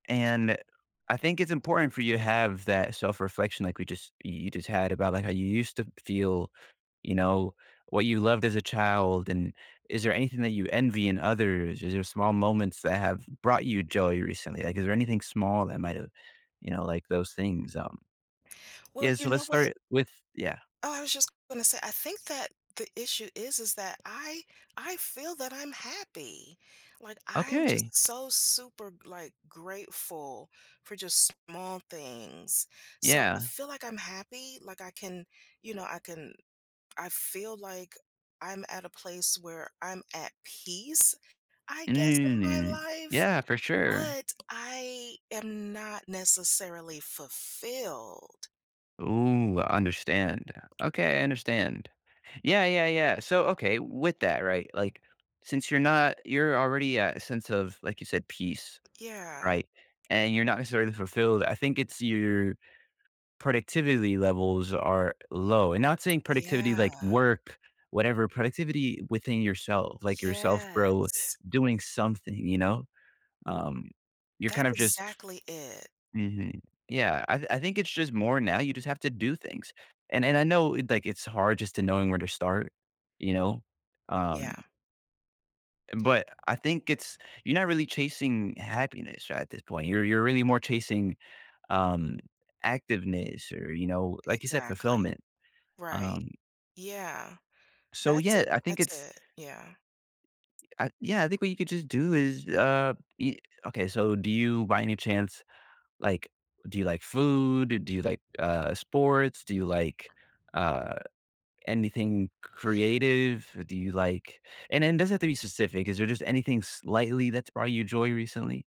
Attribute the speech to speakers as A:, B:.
A: And I think it's important for you have that self-reflection, like we just y you just had about, like, how you used to feel, you know, what you loved as a child, and is there anything that you envy in others? Is there small moments that have brought you joy recently? Like, is there anything small that might have, you know, like those things, um
B: Well,
A: Yeah,
B: you
A: so let's
B: know what?
A: start with yeah.
B: Oh, I was just gonna say, I think that the issue is, is that I I feel that I'm happy. Like, I'm
A: Okay.
B: just so super, like, grateful for just small things, so I
A: Yeah.
B: feel like I'm happy. Like I can you know, I can I feel like I'm at a place where I'm at peace, I guess, in my life,
A: Yeah, for sure.
B: but I am not necessarily fulfilled.
A: Ooh, I understand. Okay, I understand, yeah, yeah, yeah, so okay, with that, right? Like, since you're not you're already at a sense of, like you said, peace,
B: Yeah.
A: right? And you're not necessarily fulfilled. I think it's your productivity levels are low, and not saying productivity
B: Yeah.
A: like work, whatever, productivity within yourself, like, yourself, bro,
B: Yes.
A: doing something, you know, um, you're
B: That's
A: kind of just
B: exactly it.
A: Mhm, yeah, I I think it's just more now. You just have to do things. And and I know, like, it's hard just to knowing where to start. You know,
B: Yeah.
A: um But I think it's you're not really chasing happiness right at this point. You're you're really more chasing, um, activeness or, you know, like you said,
B: Exactly,
A: fulfillment,
B: right,
A: um
B: yeah,
A: So,
B: that's
A: yeah,
B: it,
A: I think
B: that's
A: it's
B: it, yeah.
A: Uh, yeah, I think what you could just do is, uh, ye okay, so do you, by any chance, like, do you like food? Do you like, uh, sports? Do you like, uh, anything c creative? Do you like and then it doesn't have to be specific. Is there just anything slightly that's brought you joy recently?